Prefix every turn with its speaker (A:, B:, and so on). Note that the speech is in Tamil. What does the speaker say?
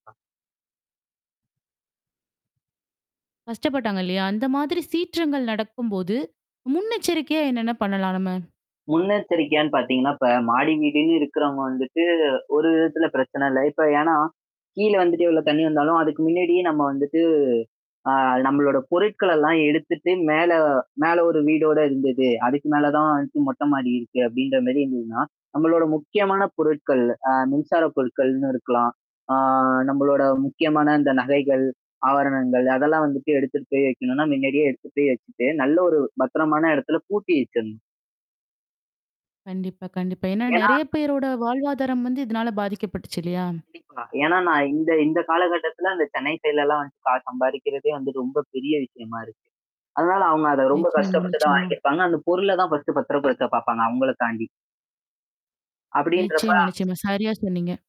A: கஷ்டப்பட்டாங்க இல்லையா? அந்த மாதிரி சீற்றங்கள் நடக்கும்போது, முன்னெச்சரிக்கையா என்னென்ன பண்ணலாம் நம்ம?
B: முன்னெச்சரிக்கையான்னு பாத்தீங்கன்னா, இப்ப மாடி வீடுன்னு இருக்கிறவங்க வந்துட்டு, ஒரு விதத்தில பிரச்சனை இல்ல இப்ப ஏன்னா, கீழ வந்துட்டு எவ்ளோ தண்ணீ வந்தாலும், அதுக்கு முன்னாடியே நம்ம வந்துட்டு அ நம்மளோட பொருட்களல்லாம் எடுத்துட்டு மேல மேல ஒரு வீடோட இருந்தது, அதுக்கு மேல தான் வந்துட்டு மொட்டை மாடி இருக்கு அப்டின்ற மாரி இருந்ததுன்னா, நம்மளோட முக்கியமான பொருட்கள், அ மின்சார பொருட்கள்னு இருக்கலாம். ஆ நம்மளோட முக்கியமான இந்த நகைகள், ஆபரணங்கள் அதெல்லாம் வந்துட்டு எடுத்துட்டு போய் வக்கணும்னா, முன்னாடியே எடுத்துட்டு போய் வச்சுட்டு நல்லா ஒரு பத்திரமான இடத்துல பூட்டி வச்சரணும்.
A: கண்டிப்பா, கண்டிப்பா. ஏன்னா,
B: ஏன்னா
A: நெறையா பேரோட வாழ்வாதாரம் வந்து, இதுனால பாதிக்கப்பட்டுச்சு இல்லையா?
B: கண்டிப்பா. ஏன்னா நான் இந்த இந்த காலகட்டத்தில அந்த சென்னை சைட்லல்லாம் வந்து கா சம்பாரிக்கிறதே வந்து ரொம்ப பெரிய விஷயமா இருக்கு. அதனால அவுங்க அத ரொம்ப
A: நிச்சயமா,
B: கஷ்டப்பட்டு தான்
A: நிச்சயமா.
B: வாங்கியிருப்பாங்க. அந்த பொருள தான் ஃபர்ஸ்ட்டு பத்திரப்படுத்தத்த பாப்பாங்க. அவங்கள தாண்டி. அப்படின்றப்ப
A: நிச்சயமா, நிச்சயமா. சரியா சொன்னீங்க.